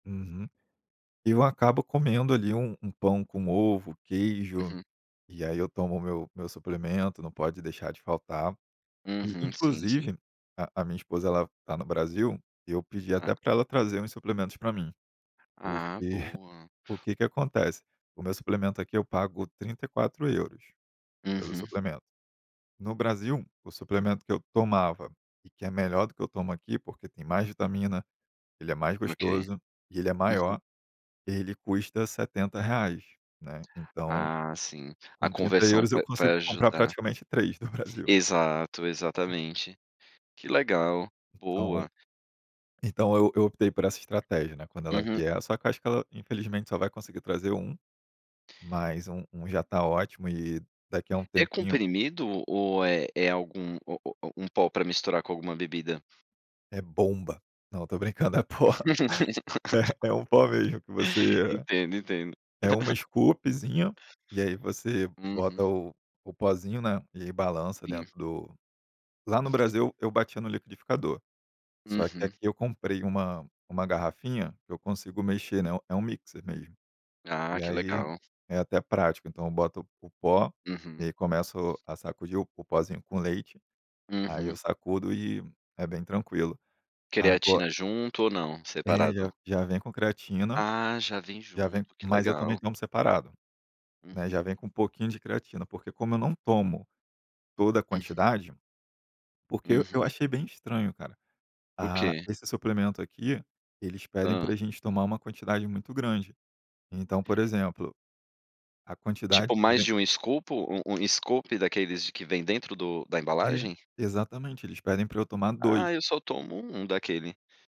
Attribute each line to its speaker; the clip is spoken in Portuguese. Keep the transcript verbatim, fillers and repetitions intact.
Speaker 1: Uhum. Eu acabo comendo ali um um pão com ovo, queijo,
Speaker 2: Uhum.
Speaker 1: e aí eu tomo o meu meu suplemento, não pode deixar de faltar. E
Speaker 2: Uhum, sim, sim.
Speaker 1: inclusive, a a minha esposa ela tá no Brasil, eu pedi
Speaker 2: Hã.
Speaker 1: até pra ela trazer uns suplementos pra mim.
Speaker 2: Ah,
Speaker 1: Porque,
Speaker 2: boa.
Speaker 1: o que que acontece? O meu suplemento aqui eu pago trinta e quatro euros pelo
Speaker 2: Uhum.
Speaker 1: suplemento. No Brasil o suplemento que eu tomava, e que é melhor do que eu tomo aqui, porque tem mais vitamina, ele é mais
Speaker 2: Ok.
Speaker 1: gostoso e ele é
Speaker 2: Uhum.
Speaker 1: maior, ele custa setenta reais, né. Então
Speaker 2: Ah, sim, a
Speaker 1: com trinta
Speaker 2: conversão
Speaker 1: euros eu
Speaker 2: vai vai
Speaker 1: consigo comprar
Speaker 2: ajudar.
Speaker 1: praticamente três do Brasil.
Speaker 2: Exato, exatamente. Que legal,
Speaker 1: Então
Speaker 2: boa.
Speaker 1: então eu eu optei por essa estratégia, né, quando ela
Speaker 2: Uhum.
Speaker 1: vier só acho que ela infelizmente só vai conseguir trazer um, mas um um já tá ótimo e daqui a um
Speaker 2: É
Speaker 1: tempinho
Speaker 2: comprimido ou é é algum o o o um pó pra misturar com alguma bebida?
Speaker 1: É bomba! Não, tô brincando, é pó. É, é um pó mesmo que você
Speaker 2: Entendo, entendo.
Speaker 1: é um scoopzinho, e aí você bota
Speaker 2: Uhum.
Speaker 1: o o pozinho, né, e ai balança
Speaker 2: Sim.
Speaker 1: dentro do lá no Brasil eu batia no liquidificador, só que
Speaker 2: Uhum.
Speaker 1: aqui eu comprei uma uma garrafinha que eu consigo mexer, né, é um mixer mesmo.
Speaker 2: Ah,
Speaker 1: E
Speaker 2: que
Speaker 1: aí
Speaker 2: legal.
Speaker 1: é até prático, então eu boto o pó e
Speaker 2: Uhum.
Speaker 1: aí começo a sacudir o o pozinho com leite, aí eu
Speaker 2: Uhum.
Speaker 1: sacudo e é bem tranquilo. Ago
Speaker 2: Creatina junto ou não,
Speaker 1: É
Speaker 2: separado?
Speaker 1: já já vem com creatina,
Speaker 2: Ah, já vem
Speaker 1: já vem
Speaker 2: junto, que
Speaker 1: mas eu também
Speaker 2: legal.
Speaker 1: tomo separado, né,
Speaker 2: Uhum.
Speaker 1: já vem com um pouquinho de creatina, porque como eu não tomo toda a
Speaker 2: Uhum.
Speaker 1: quantidade, porque eu
Speaker 2: Uhum.
Speaker 1: achei bem estranho, cara,
Speaker 2: O
Speaker 1: ah,
Speaker 2: que?
Speaker 1: esse suplemento aqui, eles pedem
Speaker 2: Hã.
Speaker 1: pra gente tomar uma quantidade muito grande. Então, por exemplo, a
Speaker 2: Tipo,
Speaker 1: quantidade que
Speaker 2: mais
Speaker 1: vem
Speaker 2: de um scoopo um um scoop daqueles de que vêm dentro do da
Speaker 1: É,
Speaker 2: embalagem?
Speaker 1: exatamente, eles pedem pra eu tomar
Speaker 2: Ah,
Speaker 1: dois.
Speaker 2: eu só tomo um daquele.